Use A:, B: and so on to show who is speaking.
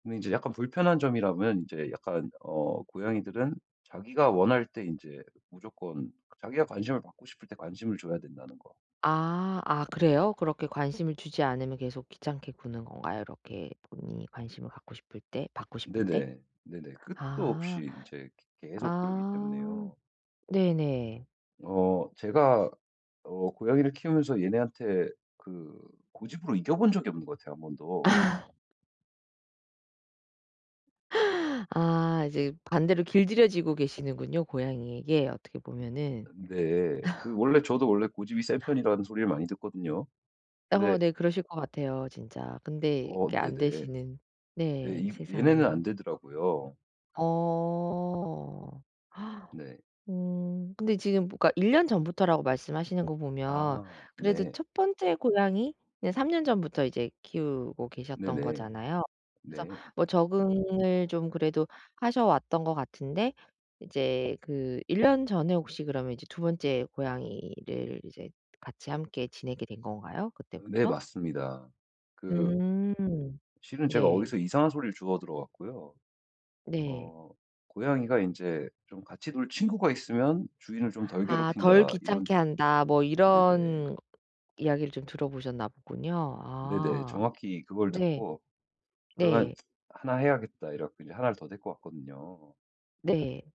A: 근데 인제 약간 불편한 점이라면 인제 약간 어 고양이들은 자기가 원할 때 인제 무조건 자기가 관심을 받고 싶을 때 관심을 줘야 된다는 거.
B: 아 아 그래요? 그렇게 관심을 주지 않으면 계속 귀찮게 구는 건가요? 이렇게 본인이 관심을 갖고 싶을 때 받고 싶을 때?
A: 네네. 네네. 끝도
B: 아.
A: 없이 인제 그 계속 그러기
B: 아
A: 때문에요
B: 네네.
A: 어 제가 어 고양이를 키우면서 얘네한테 그 고집으로 이겨 본 적이 없는 것 같아요, 1 번도.
B: 아 이제 반대로 길들여지고 계시는군요, 고양이에게 어떻게
A: 아 네.
B: 보면은.
A: 근데 그 원래 저도 원래 고집이 센 편이라는 소리를 많이 듣거든요.
B: 어
A: 근데
B: 네 그러실 것 같아요, 진짜. 근데
A: 어
B: 이게
A: 네네.
B: 안되시는
A: 예
B: 네
A: 이 얘네는 안
B: 세상에.
A: 되더라고요.
B: 어.
A: 네.
B: 음 근데 지금 뭐 그니까 1 년 전부터라고 말씀하시는 거 보면
A: 아
B: 그래도
A: 네.
B: 1 번째 고양이는 3 년 전부터 이제 키우고 계셨던
A: 네네.
B: 거잖아요. 그래서
A: 네.
B: 뭐 적응을 좀 그래도 하셔 왔던 것 같은데 이제 그 1 년 전에 혹시 그러면 이제 2 번째 고양이를 이제 같이 함께 지내게 된 건가요?
A: 네
B: 그때부터?
A: 맞습니다. 그
B: 음
A: 실은 제가
B: 네.
A: 어디서 이상한 소리를 주워 들어 갖고요.
B: 네.
A: 어 '고양이가 인제 좀 같이 놀 친구가 있으면 주인을 좀 덜
B: 아 '덜
A: 괴롭힌다.' 이런
B: 귀찮게 한다.' 뭐
A: 네네.
B: 이런 이야기를 좀 들어보셨나 보군요.
A: 네네.
B: 아
A: 정확히 그걸
B: 네
A: 듣고 '그러면
B: 네.
A: 1 해야겠다.' 이래 갖고 1 를 더 데리고 왔거든요.
B: 네.